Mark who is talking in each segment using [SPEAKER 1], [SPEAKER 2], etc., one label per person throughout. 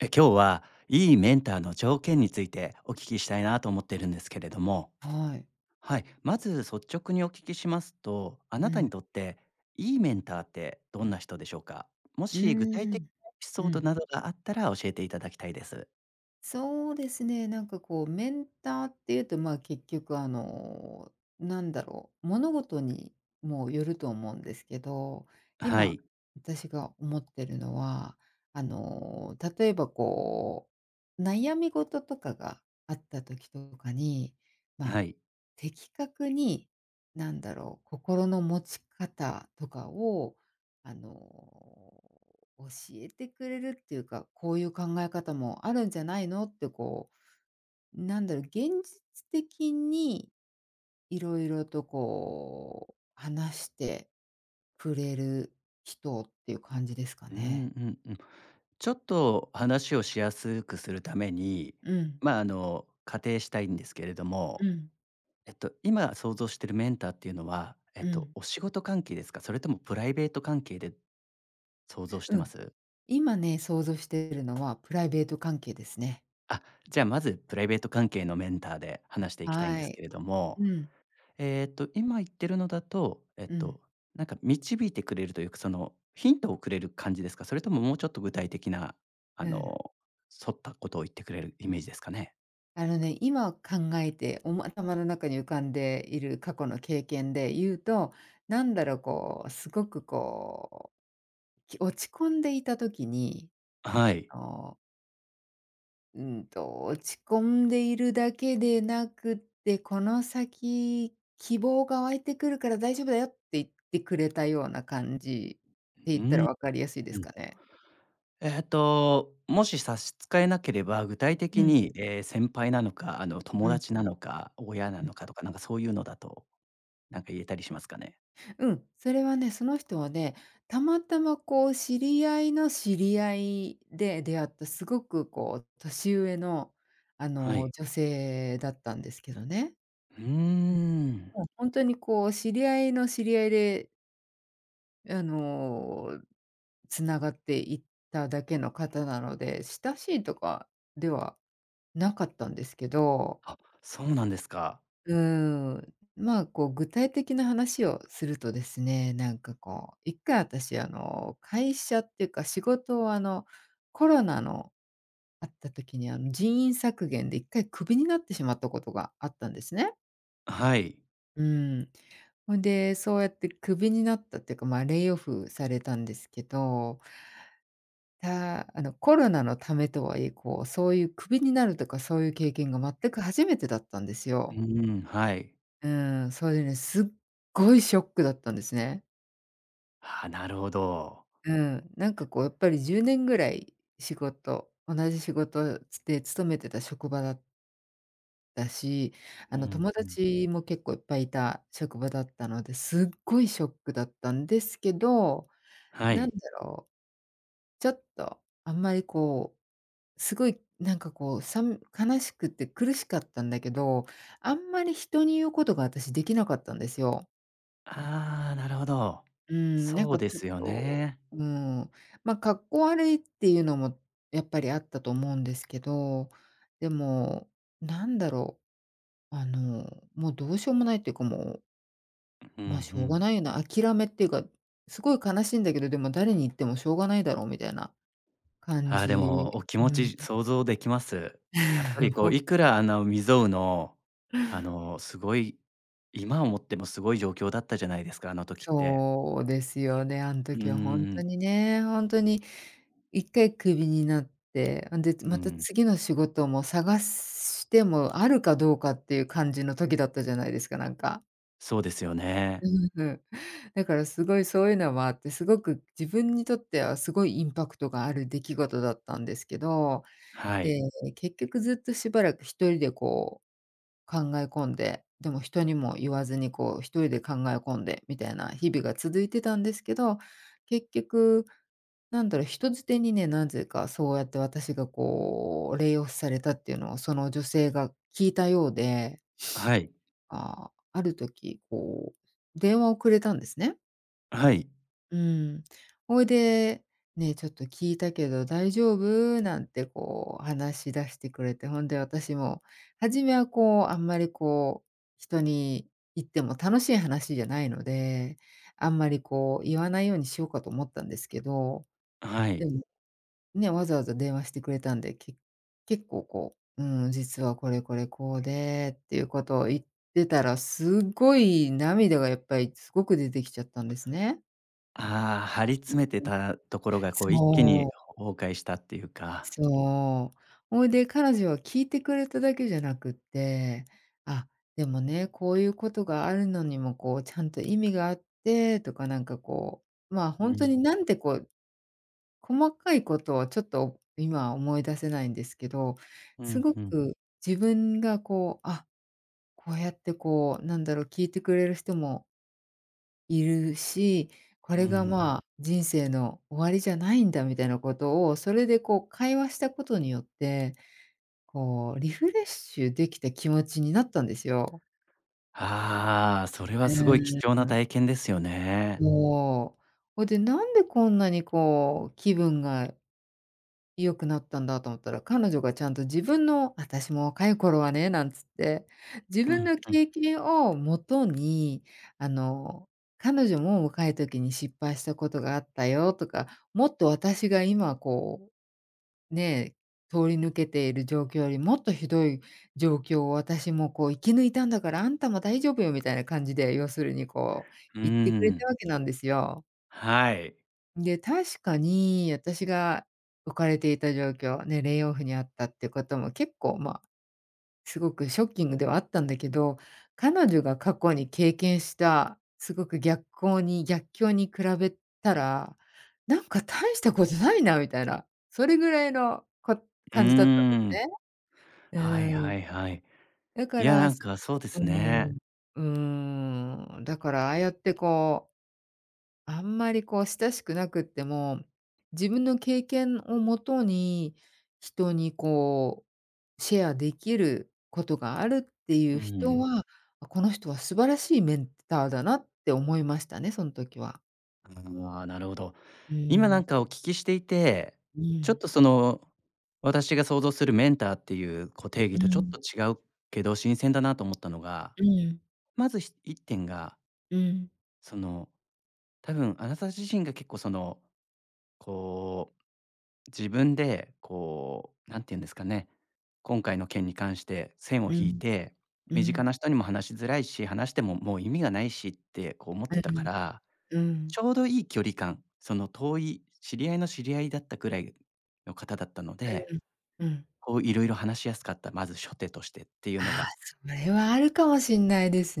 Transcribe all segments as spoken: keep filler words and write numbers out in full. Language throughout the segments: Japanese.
[SPEAKER 1] え、今日はいいメンターの条件についてお聞きしたいなと思っているんですけれども。
[SPEAKER 2] はい。
[SPEAKER 1] はい、まず率直にお聞きしますと、あ
[SPEAKER 2] う
[SPEAKER 1] なた
[SPEAKER 2] ん。
[SPEAKER 1] にとっていいメンターってどんな人でしょうか？も
[SPEAKER 2] う
[SPEAKER 1] し具体
[SPEAKER 2] ー
[SPEAKER 1] 的
[SPEAKER 2] ん、
[SPEAKER 1] なエピ
[SPEAKER 2] う
[SPEAKER 1] ソー
[SPEAKER 2] ん。
[SPEAKER 1] ドなどがあったら教えていただきたいです。
[SPEAKER 2] そうですね、なんかこうメンターっていうと、まあ、結局あのなんだろう、物事にもよると思うんですけど、
[SPEAKER 1] は
[SPEAKER 2] 今
[SPEAKER 1] い。
[SPEAKER 2] 私が思ってるのは、あの例えばこう、悩み事とかがあった時とかに、ま
[SPEAKER 1] は
[SPEAKER 2] あ、
[SPEAKER 1] い。
[SPEAKER 2] 的確になんだろう、心の持ち方とかをあの、教えてくれるっていうか、「こういう考え方もあるんじゃないの？」ってこう、なんだろう、現実的に色々とこう話してくれる人っていう感じですか
[SPEAKER 1] う
[SPEAKER 2] ね。
[SPEAKER 1] んうんうん。ちょっと話をしやすくするために、
[SPEAKER 2] うん。
[SPEAKER 1] まあ、あの、仮定したいんですけれど
[SPEAKER 2] う
[SPEAKER 1] も、
[SPEAKER 2] ん。
[SPEAKER 1] えっと、今想像してるメンターっていうのは、えっ
[SPEAKER 2] う
[SPEAKER 1] と、
[SPEAKER 2] ん。
[SPEAKER 1] お仕事関係ですか？それともプライベート関係で想像し
[SPEAKER 2] う
[SPEAKER 1] てま
[SPEAKER 2] ん、
[SPEAKER 1] す？
[SPEAKER 2] 今ね、想像しているのはプライベート関係ですね。
[SPEAKER 1] あ、じゃあまずプライベート関係のメンターで話していきたいんで
[SPEAKER 2] は
[SPEAKER 1] すけ
[SPEAKER 2] い、
[SPEAKER 1] れども、
[SPEAKER 2] うん。
[SPEAKER 1] えっと今言ってるのだと、えっ
[SPEAKER 2] うん。
[SPEAKER 1] と、なんか導いてくれるというか、そのヒントをくれる感じですか？それとも、もうちょっと具体的なあ
[SPEAKER 2] うん。
[SPEAKER 1] の、沿ったことを言ってくれるイメージですかね？
[SPEAKER 2] あのね、今考えておも頭の中に浮かんでいる過去の経験で言うと、なんだろう。こうすごくこう、き落ち込んでいた時に、
[SPEAKER 1] あ、はい。
[SPEAKER 2] あのうんと、落ち込んでいるだけでなくって、「この先、希望が湧いてくるから大丈夫だよ」って言ってくれたような感じ
[SPEAKER 1] う
[SPEAKER 2] って言った
[SPEAKER 1] ー
[SPEAKER 2] ら
[SPEAKER 1] ん、
[SPEAKER 2] 分かりやすいで
[SPEAKER 1] う
[SPEAKER 2] す
[SPEAKER 1] ん。
[SPEAKER 2] かね。
[SPEAKER 1] えっと、もし差し支えなければ、具体
[SPEAKER 2] う
[SPEAKER 1] 的
[SPEAKER 2] ん。
[SPEAKER 1] に、ええ、先輩なのか、あの友
[SPEAKER 2] うん。
[SPEAKER 1] 達なのか、親な
[SPEAKER 2] うん。
[SPEAKER 1] のかとか、なんかそういうのだと、なんか言えたりしますかね？
[SPEAKER 2] うん。それはね、その人はね。たまたまこう、知り合いの知り合いで出会った、すごくこう、年上のあ
[SPEAKER 1] は
[SPEAKER 2] の
[SPEAKER 1] い。
[SPEAKER 2] 女性だったんですけどね。
[SPEAKER 1] うー
[SPEAKER 2] う
[SPEAKER 1] ん。
[SPEAKER 2] ん。もう、ほんとにこう、知り合いの知り合いであの、繋がっていっただけの方なので、親しいとかではなかったんですけど
[SPEAKER 1] あ、そうなんですか。
[SPEAKER 2] うーん。まあ、こう具体的な話をするとですね、なんかこう、一回あたし、あの、会社っていうか仕事を、あの、コロナのあった時に、あの、人員削減で一回クビになってしまったことがあったんですね。
[SPEAKER 1] あ、はい。
[SPEAKER 2] うん。ほんで、そうやってクビになったっていうか、ま、レイオフされたんですけどたあの、コロナのためとはいえ、こうそういうクビになるとかそういう経験が全く初めてだったんです
[SPEAKER 1] う
[SPEAKER 2] よ。
[SPEAKER 1] ん、はい。
[SPEAKER 2] うん、それでね、すっごいショックだったんですね。
[SPEAKER 1] ああ、なるほど。
[SPEAKER 2] うん、なんかこう、やっぱりじゅうねんぐらい仕事同じ仕事つて勤めてた職場だっだし、
[SPEAKER 1] う
[SPEAKER 2] あの、
[SPEAKER 1] ん、
[SPEAKER 2] 友
[SPEAKER 1] ふん。
[SPEAKER 2] 達も結構いっぱいいた職場だったので、すっごいショックだったんですけど、
[SPEAKER 1] は
[SPEAKER 2] なん
[SPEAKER 1] い。
[SPEAKER 2] だろう？ちょっとあんまり、こう、すごいなんか、こう、さん悲しくて苦しかったんだけど、あんまり人に言うことが私できなかったんですよ。
[SPEAKER 1] ああ、なるほど。
[SPEAKER 2] うーん、なん
[SPEAKER 1] そう
[SPEAKER 2] か
[SPEAKER 1] で
[SPEAKER 2] ちょっ
[SPEAKER 1] すよ
[SPEAKER 2] と
[SPEAKER 1] ね。
[SPEAKER 2] うーん、まかっこ悪いっていうのもやっぱりあったと思うんですけど、でもなんだろう、あのもうどうしようもないっていうかもう
[SPEAKER 1] う、ふん
[SPEAKER 2] ま
[SPEAKER 1] ふ
[SPEAKER 2] しょうが
[SPEAKER 1] ん。
[SPEAKER 2] ないよな、諦めっていうか、すごい悲しいんだけど、でも誰に言ってもしょうがないだろうみたいな感
[SPEAKER 1] ああ、で
[SPEAKER 2] じ。
[SPEAKER 1] もお気持
[SPEAKER 2] うん。
[SPEAKER 1] ち想像できます。やっぱり こ
[SPEAKER 2] ほ。
[SPEAKER 1] ういくらあなう未曽有の、あのすごい今思ってもすごい状況だったじゃないですか、あの時って。
[SPEAKER 2] そうですよね、あん
[SPEAKER 1] うー
[SPEAKER 2] 時はほんと
[SPEAKER 1] ん。
[SPEAKER 2] にね、ほんとにいっかいクビになって、んで
[SPEAKER 1] うー
[SPEAKER 2] また
[SPEAKER 1] ん。
[SPEAKER 2] 次の仕事も探すしてもあるかどうかっていう感じの時だったじゃないですか、なんか。
[SPEAKER 1] そうですよね。
[SPEAKER 2] うん。だからすごいそういうのもあって、すごく自分にとってはすごいインパクトがある出来事だったんですけど、
[SPEAKER 1] は
[SPEAKER 2] で、
[SPEAKER 1] い。
[SPEAKER 2] 結局ずっとしばらくひとりでこう考え込んで、でも人にも言わずにこうひとりで考え込んでみたいな日々が続いてたんですけど、結局なんだろう、人づてにね、なぜかそうやって私がこうレイオフされたっていうのをその女性が聞いたようで、
[SPEAKER 1] はい。
[SPEAKER 2] ああ、ある時こう電話をくれたんですね。
[SPEAKER 1] あ、はい。
[SPEAKER 2] うん。ほいで、「ね、ちょっと聞いたけど大丈夫？」なんて、こう話し出してくれて。ほんで私も、初めはこう、あんまりこう、人に言っても楽しい話じゃないので、あんまりこう言わないようにしようか、と思ったんですけど。
[SPEAKER 1] あ、は
[SPEAKER 2] で
[SPEAKER 1] い。
[SPEAKER 2] も、ね、わざわざ電話してくれたんで、け結構こう、うん。実はこれこれこうでっていうことを言ってたら、すごい涙がやっぱりすごく出てきちゃったんですね。
[SPEAKER 1] ああ、張り
[SPEAKER 2] うんう
[SPEAKER 1] 詰
[SPEAKER 2] ん。
[SPEAKER 1] めてたところが、こう一気
[SPEAKER 2] そ
[SPEAKER 1] に、
[SPEAKER 2] う。
[SPEAKER 1] ほ崩壊したっていうか。
[SPEAKER 2] そう。ほいで彼女は聞いてくれただけじゃなくって、あ、でもね、こういうことがあるのにも、こうちゃんと意味があって、とかなんかこう、まあ、
[SPEAKER 1] う
[SPEAKER 2] ほんとに
[SPEAKER 1] ん。
[SPEAKER 2] なんでこう、細かいことをちょっと今思い出せないんですけど、
[SPEAKER 1] ふ
[SPEAKER 2] す
[SPEAKER 1] ん
[SPEAKER 2] ご
[SPEAKER 1] ふん。
[SPEAKER 2] く自分がこう、あ、こうやってこう、なんだろう、聞いてくれる人もいるし、こ
[SPEAKER 1] うんう
[SPEAKER 2] れが、
[SPEAKER 1] ん。
[SPEAKER 2] まあ、人生の終わりじゃないんだ。みたいなことを、それでこう会話したことによって、こうリフレッシュできた気持ちになったんですよ。
[SPEAKER 1] はあ、それは
[SPEAKER 2] うー
[SPEAKER 1] すごい
[SPEAKER 2] ん、
[SPEAKER 1] 貴
[SPEAKER 2] で
[SPEAKER 1] 重
[SPEAKER 2] す
[SPEAKER 1] な
[SPEAKER 2] な。
[SPEAKER 1] 体験ですよね。
[SPEAKER 2] そう。ほいで、なんでこんなにこう、気分が良くなったんだと思ったら、彼女がちゃんと自分の私も若い頃はね。なんつって、自
[SPEAKER 1] う
[SPEAKER 2] 分
[SPEAKER 1] ん
[SPEAKER 2] の
[SPEAKER 1] うん。
[SPEAKER 2] 経験をもとに、あの彼女も若い時に失敗したことがあったよとか、もっと私が今こう、ね、通り抜けている状況より、もっとひどい状況を、私もこう生き抜いたんだから、あんたも大丈夫よ、みたいな感じで。要するにこう、
[SPEAKER 1] うー
[SPEAKER 2] 言ってくれた
[SPEAKER 1] ん。
[SPEAKER 2] わけなんですよ。
[SPEAKER 1] はい。
[SPEAKER 2] で、確かに、あたしが置かれていた状況？ね、レイオフにあったってことも結構、ま、凄くショッキングではあったんだけど、彼女が過去に経験したすごく逆行に逆境に比べたら、なんか大したことないなみたいな、それぐらいの、こ、
[SPEAKER 1] う
[SPEAKER 2] 感じだったんで
[SPEAKER 1] ー
[SPEAKER 2] すね。
[SPEAKER 1] ん。はい
[SPEAKER 2] うーん。
[SPEAKER 1] はいはい。
[SPEAKER 2] だか
[SPEAKER 1] いや、な
[SPEAKER 2] ら、
[SPEAKER 1] ん
[SPEAKER 2] そ
[SPEAKER 1] かそうで
[SPEAKER 2] [unintelligible] う
[SPEAKER 1] す
[SPEAKER 2] ー
[SPEAKER 1] ね。
[SPEAKER 2] ん、うーん、だから、ああやってこう、あんまり、こう、親しくなくっても、自分の経験をもとに、人にこう、シェアできることがあるってい
[SPEAKER 1] う
[SPEAKER 2] う人
[SPEAKER 1] ん。
[SPEAKER 2] は、この人は素晴らしいメンターだなって思いましたね、そん時は。
[SPEAKER 1] ああ、なるほど。
[SPEAKER 2] う
[SPEAKER 1] 今
[SPEAKER 2] ー
[SPEAKER 1] な
[SPEAKER 2] ん。
[SPEAKER 1] んかお聞きしていて、
[SPEAKER 2] う
[SPEAKER 1] ちょっ
[SPEAKER 2] ん。
[SPEAKER 1] と、その、私が想像するメンターっていう、こう、定義
[SPEAKER 2] う
[SPEAKER 1] とちょっ
[SPEAKER 2] ん。
[SPEAKER 1] と違うけど、新鮮だなと思ったのが、
[SPEAKER 2] うん。
[SPEAKER 1] まず、ひ一点が
[SPEAKER 2] うん。
[SPEAKER 1] その、多分あなた自身が結構その、こう、自分で、こう、何て言うんですかね、今回の件に関して線を
[SPEAKER 2] う
[SPEAKER 1] 引い
[SPEAKER 2] ん。
[SPEAKER 1] て、
[SPEAKER 2] う
[SPEAKER 1] 身近
[SPEAKER 2] ん。
[SPEAKER 1] な人にも話しづらいし、話しても、もう意味がないしって、こう、思って
[SPEAKER 2] え、う
[SPEAKER 1] たか
[SPEAKER 2] ん。
[SPEAKER 1] ら、
[SPEAKER 2] う
[SPEAKER 1] ち
[SPEAKER 2] ん。
[SPEAKER 1] ょうどいい距離感、その遠い、知り合いの知り合いだったくらいの方だったの
[SPEAKER 2] う
[SPEAKER 1] で、
[SPEAKER 2] ーん。うん。
[SPEAKER 1] こう、色々話しやすかった、まず初手としてっていう
[SPEAKER 2] あ
[SPEAKER 1] の
[SPEAKER 2] あ、
[SPEAKER 1] が
[SPEAKER 2] それはあるかもしんないです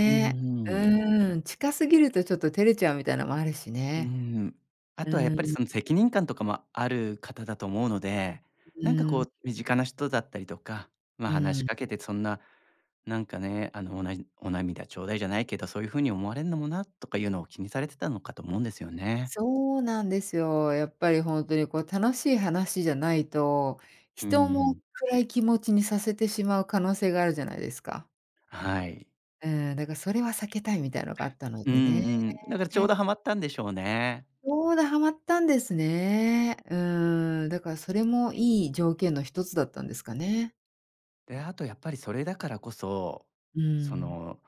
[SPEAKER 1] うんうん。
[SPEAKER 2] うーん、近すぎるとちょっと照れちゃうみたいなのもあるし
[SPEAKER 1] うー
[SPEAKER 2] ね。
[SPEAKER 1] ん。あ
[SPEAKER 2] う
[SPEAKER 1] とはやっぱり、
[SPEAKER 2] ん。
[SPEAKER 1] その、責任感とかもある方だと思うので、
[SPEAKER 2] う
[SPEAKER 1] なんかこ
[SPEAKER 2] ん。
[SPEAKER 1] う身近な人だったりとか、まあ、
[SPEAKER 2] う
[SPEAKER 1] 話し
[SPEAKER 2] ん。
[SPEAKER 1] かけて、そんな、なんかね、あの、おなじお涙ちょうだいじゃないけど、そういう風に思われるのもな、っとかいうのを気にされてたのかと思うんですよね。
[SPEAKER 2] そうなんですよ。やっぱり、ほんとに、こう、楽しい話じゃないと、
[SPEAKER 1] う
[SPEAKER 2] 人も
[SPEAKER 1] ん。
[SPEAKER 2] 暗い気持ちにさせてしまう可能性があるじゃないですか。
[SPEAKER 1] はい。
[SPEAKER 2] うう、だからそれは避けたいみたいなのがあったの
[SPEAKER 1] うんう
[SPEAKER 2] でね。
[SPEAKER 1] ん。なからちょうどハマったんでしょうね。
[SPEAKER 2] ちょうどはまったんですね。うーん、だからそれもいい条件の一つだったんですかね。
[SPEAKER 1] で、あとやっぱりそれだからこそ、
[SPEAKER 2] う
[SPEAKER 1] そ
[SPEAKER 2] ん。
[SPEAKER 1] の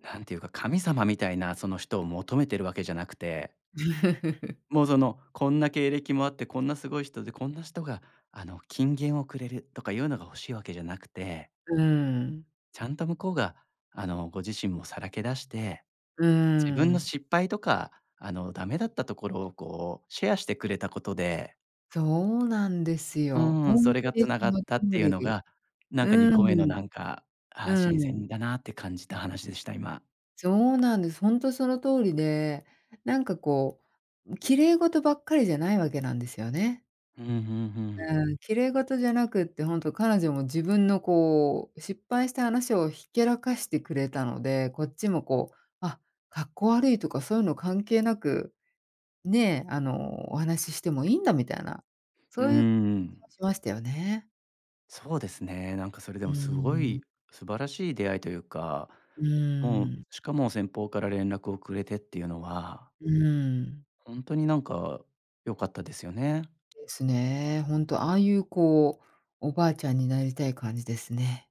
[SPEAKER 1] 何ていうか神様みたいなその人を求めてるわけじゃなくて もうその、こんな経歴もあって、こんなすごい人で、こんな人があの金言をくれる、とかいうのが欲しいわけじゃなくて
[SPEAKER 2] うん。
[SPEAKER 1] ちゃんと向こうが、あの、ご自身もさらけ出して、
[SPEAKER 2] う
[SPEAKER 1] 自分の
[SPEAKER 2] ん。
[SPEAKER 1] 失敗とか、あの、ダメだったところをこうシェアしてくれたことで
[SPEAKER 2] そうなんですよ。
[SPEAKER 1] うん、そ
[SPEAKER 2] 本
[SPEAKER 1] れ
[SPEAKER 2] 当
[SPEAKER 1] が
[SPEAKER 2] に
[SPEAKER 1] 繋
[SPEAKER 2] そ
[SPEAKER 1] がっ
[SPEAKER 2] の
[SPEAKER 1] たって
[SPEAKER 2] 通
[SPEAKER 1] いうの
[SPEAKER 2] り。
[SPEAKER 1] が、なんかに
[SPEAKER 2] う
[SPEAKER 1] こめの
[SPEAKER 2] ん。
[SPEAKER 1] なんか、ああ
[SPEAKER 2] う
[SPEAKER 1] 新
[SPEAKER 2] ん。
[SPEAKER 1] 鮮だなって感じた話でした、今。
[SPEAKER 2] そうなんです。ほんとその通りで、なんかこう、ん、綺麗ごとばっかりじゃないわけなんですよね。
[SPEAKER 1] うん、ふんふん。
[SPEAKER 2] うん、綺麗事じゃなくってほんと彼女も自分のこう、失敗した話をひけらかしてくれたので、こっちもこう、あ、かっこ悪いとかそういうの関係なくね、あのお話ししてもいんだみたいな、
[SPEAKER 1] う
[SPEAKER 2] そういう感じ
[SPEAKER 1] ん。
[SPEAKER 2] がしましたよね。
[SPEAKER 1] そうですね。なんかそれで
[SPEAKER 2] う
[SPEAKER 1] もすご
[SPEAKER 2] ん。
[SPEAKER 1] い素晴らしい出会いというか、
[SPEAKER 2] う
[SPEAKER 1] もう、
[SPEAKER 2] ん。
[SPEAKER 1] しかも先方から連絡をくれてっていうのは
[SPEAKER 2] うん。
[SPEAKER 1] 本当になんか良かったですよね。
[SPEAKER 2] ですね。本当ああいうこう、おばあちゃんになりたい感じですね。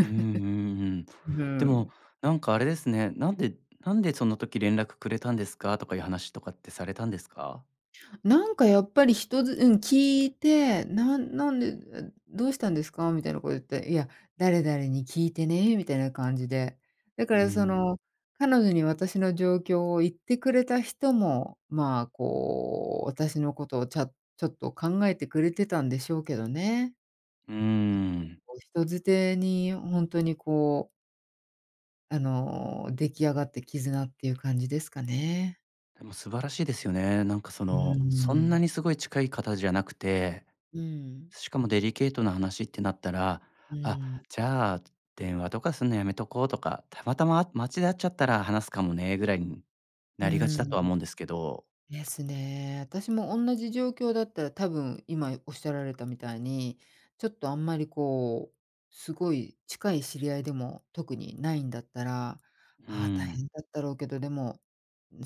[SPEAKER 1] うんうんうん。
[SPEAKER 2] うふ
[SPEAKER 1] でも、
[SPEAKER 2] ん。
[SPEAKER 1] なんかあれですね。なんでなんで、その時連絡くれたんですか、とかいう話とかってされたんですか？
[SPEAKER 2] なんかやっぱり人づうん聞いて、なんなんで、え、どうしたんですか？みたいなこと言って、いや、誰々に聞いてねみたいな感じで、だか
[SPEAKER 1] う
[SPEAKER 2] らそ
[SPEAKER 1] ん。
[SPEAKER 2] の彼女に私の状況を言ってくれた人も、まあこう私のことをちゃちょっと考えてくれてたんでしょうけどね。
[SPEAKER 1] うん。
[SPEAKER 2] こう人づてに本当にこうあの、出来上がって絆っていう感じですかね。
[SPEAKER 1] でも素晴らしいですよね。なんかそ
[SPEAKER 2] う
[SPEAKER 1] の、そんな
[SPEAKER 2] ん。
[SPEAKER 1] にすごい近い方じゃなくて、
[SPEAKER 2] うん。
[SPEAKER 1] しかもデリケートな話ってなったら
[SPEAKER 2] う
[SPEAKER 1] 「あ、
[SPEAKER 2] ん。
[SPEAKER 1] じゃあ、電話とかすんのやめとこう」とか「たまたま、街で会っちゃったら話すかもね」ぐらいに
[SPEAKER 2] う
[SPEAKER 1] なりがちだとは
[SPEAKER 2] ん。
[SPEAKER 1] 思うんですけど。
[SPEAKER 2] ですね。私も同じ状況だったら多分今おっしゃられたみたいに、ちょっとあんまりこう、すごい近い知り合いでも特にないんだったら、
[SPEAKER 1] う
[SPEAKER 2] あ、大
[SPEAKER 1] ん。
[SPEAKER 2] 変だったろうけど、でも、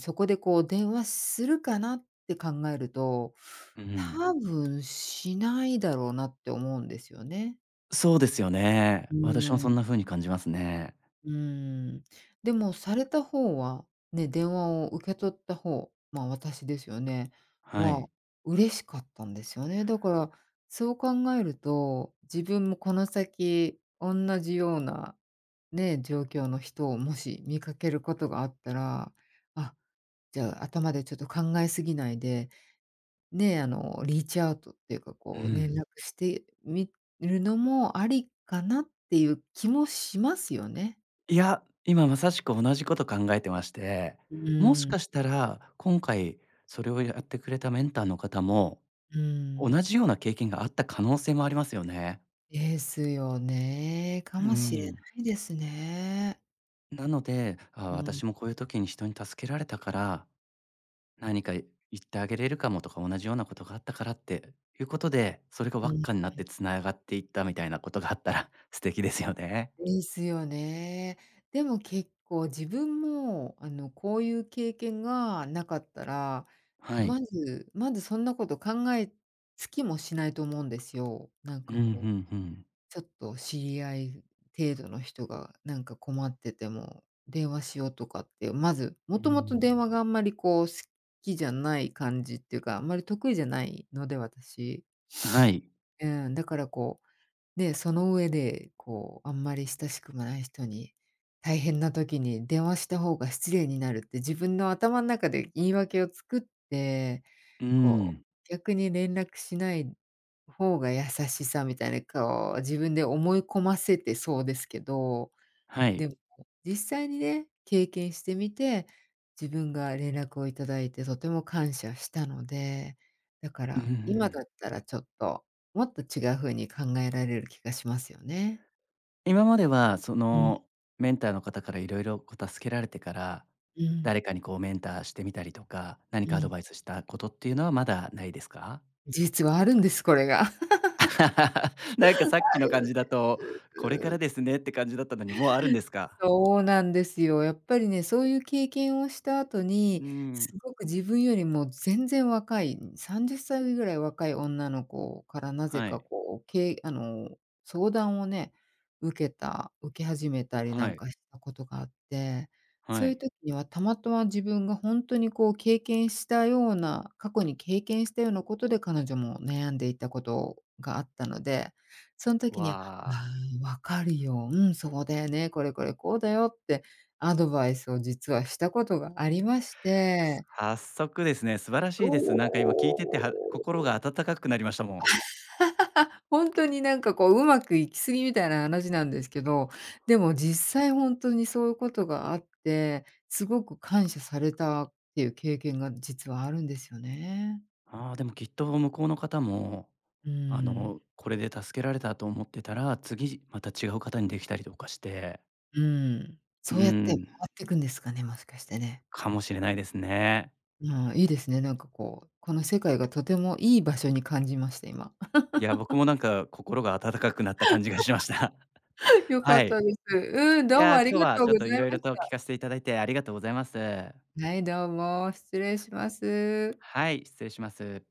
[SPEAKER 2] そこでこう、電話するかなって考えると、
[SPEAKER 1] うん。
[SPEAKER 2] 多分しないだろうなって思うんですよね。
[SPEAKER 1] そうですよね。
[SPEAKER 2] うー
[SPEAKER 1] 私もそ
[SPEAKER 2] ん。
[SPEAKER 1] んな風に感じますね。
[SPEAKER 2] うーん、でも、された方は、ね、電話を受け取った方。まあ、私ですよね。
[SPEAKER 1] は
[SPEAKER 2] は、
[SPEAKER 1] い。
[SPEAKER 2] 嬉しかったんですよね。だから、そう考えると自分もこの先おんなじような、ね、状況の人をもし見かけることがあったら、あ、じゃあ頭でちょっと考えすぎないで、ね、あのリーチアウトっていうか、
[SPEAKER 1] う
[SPEAKER 2] こう連
[SPEAKER 1] ん。
[SPEAKER 2] 絡してみるのもありかなっていう気もしますよね。
[SPEAKER 1] いや、今まさしく同じこと考えてまして、
[SPEAKER 2] う
[SPEAKER 1] もし
[SPEAKER 2] ーん。
[SPEAKER 1] かしたら、今回それをやってくれたメンターの方も、
[SPEAKER 2] う
[SPEAKER 1] 同
[SPEAKER 2] ん。
[SPEAKER 1] じような経験があった可能性もありますよね。
[SPEAKER 2] ですよね。か
[SPEAKER 1] う
[SPEAKER 2] もしれ
[SPEAKER 1] ん。
[SPEAKER 2] ないですね。
[SPEAKER 1] なので、ああ、
[SPEAKER 2] うん。
[SPEAKER 1] 私もこういう時に人に助けられたから、何か言ってあげれるかも。とか、同じようなことがあったからっていうことで、それが輪
[SPEAKER 2] うん
[SPEAKER 1] っかになっ
[SPEAKER 2] うん。
[SPEAKER 1] て繋がっていったみたいなことがあったら、素敵ですよね。
[SPEAKER 2] ですよね。でも、結構自分も、あの、こういう経験がなかったら、
[SPEAKER 1] は
[SPEAKER 2] ま
[SPEAKER 1] い。
[SPEAKER 2] ずまず、そんなこと考えつきもしないと思うんですよ。なん
[SPEAKER 1] う
[SPEAKER 2] か
[SPEAKER 1] ん、ふ
[SPEAKER 2] こう、
[SPEAKER 1] んふん。
[SPEAKER 2] ちょっと知り合い程度の人がなんか困ってても、電話しようとかって、まず、
[SPEAKER 1] う
[SPEAKER 2] もともと
[SPEAKER 1] ん。
[SPEAKER 2] 電話があんまりこう、好きじゃない感じっていうか、あんまり得意じゃないので、私。
[SPEAKER 1] はい。
[SPEAKER 2] うん。だからこう、ね、その上で、こう、あんまり親しくもない人に、大変な時に電話した方が失礼になるって、自分の頭ん中で言い訳を作って、
[SPEAKER 1] う
[SPEAKER 2] こ
[SPEAKER 1] ん。
[SPEAKER 2] う逆に連絡しない方が優しさみたいな、こう自分で思い込ませてそうですけど、
[SPEAKER 1] はい。
[SPEAKER 2] でも、実際にね、経験してみて、自分が連絡をいただいて、とても感謝したので、だか
[SPEAKER 1] う
[SPEAKER 2] ら、今だ
[SPEAKER 1] ん。
[SPEAKER 2] ったらちょっと、もっと違う風に考えられる気がしますよね。
[SPEAKER 1] 今まではそ
[SPEAKER 2] うん。
[SPEAKER 1] のメンターの方から色々こう助けられてから、
[SPEAKER 2] うん。
[SPEAKER 1] 誰かにこうメンターしてみたりとか、何
[SPEAKER 2] う
[SPEAKER 1] かアド
[SPEAKER 2] ん。
[SPEAKER 1] バイスしたことっていうのはまだないですか？
[SPEAKER 2] 実はあるんです、これが。
[SPEAKER 1] なんか
[SPEAKER 2] あるん
[SPEAKER 1] さっきの感じだと、これ
[SPEAKER 2] で
[SPEAKER 1] から
[SPEAKER 2] す。
[SPEAKER 1] ですねって感じだったのに、もうあるんですか？
[SPEAKER 2] そうなんですよ。やっぱりね、そういう経験をした後
[SPEAKER 1] う
[SPEAKER 2] に、
[SPEAKER 1] ん。
[SPEAKER 2] すごく自分よりも全然若い、さんじゅっさいぐらい若い女の子から、なぜ
[SPEAKER 1] は
[SPEAKER 2] か、
[SPEAKER 1] い。
[SPEAKER 2] こう、けいあの、相談をね、受けた受け始めたりな
[SPEAKER 1] は
[SPEAKER 2] ん
[SPEAKER 1] い。
[SPEAKER 2] かしたことがあって、
[SPEAKER 1] は
[SPEAKER 2] そういう
[SPEAKER 1] い。
[SPEAKER 2] 時には、たまとわ自分が、ほんとにこう経験したような、過去に経験したようなことで彼女も悩んでいたことがあったので、そん時には、
[SPEAKER 1] わあ。
[SPEAKER 2] うーん、分かるよ。うん。そうだよね、これこれこうだよってアドバイスを実はしたことがありまして。
[SPEAKER 1] 早速ですね、素晴ら
[SPEAKER 2] そ
[SPEAKER 1] しいです。なんか今聞いてては心
[SPEAKER 2] う。
[SPEAKER 1] が温かくなりましたもん。
[SPEAKER 2] ほんとになんかこう、うまくいき過ぎみたいな話なんですけど、でも実際ほんとに、そういうことがあって、すごく感謝されたっていう経験が、実はあるんですよね。
[SPEAKER 1] はあ、でも、きっと向こうの方も、
[SPEAKER 2] う
[SPEAKER 1] あ
[SPEAKER 2] ん。
[SPEAKER 1] の、これで助けられたと思ってたら、次じまた違う方にできたりとかして
[SPEAKER 2] うん。
[SPEAKER 1] う
[SPEAKER 2] そうやって回
[SPEAKER 1] ん。
[SPEAKER 2] ってくんですかね、もしかしてね。
[SPEAKER 1] かもしれないですね。
[SPEAKER 2] ああ、いいですね。なんかこう、この世界がとてもいい場所に感じました、今。
[SPEAKER 1] いや僕 もなんか、心が温かくなった感じがしました。
[SPEAKER 2] 良か
[SPEAKER 1] は
[SPEAKER 2] っ
[SPEAKER 1] い。
[SPEAKER 2] たです。うん、
[SPEAKER 1] い
[SPEAKER 2] どうも
[SPEAKER 1] や、
[SPEAKER 2] あり
[SPEAKER 1] 今日
[SPEAKER 2] が
[SPEAKER 1] は
[SPEAKER 2] とう
[SPEAKER 1] ちょっ
[SPEAKER 2] ご
[SPEAKER 1] と
[SPEAKER 2] ざい
[SPEAKER 1] 色
[SPEAKER 2] ま
[SPEAKER 1] 々
[SPEAKER 2] し
[SPEAKER 1] と聞
[SPEAKER 2] た。
[SPEAKER 1] かせていただいてありがとうございます。
[SPEAKER 2] はい、どうも。失礼します。
[SPEAKER 1] はい、失礼します。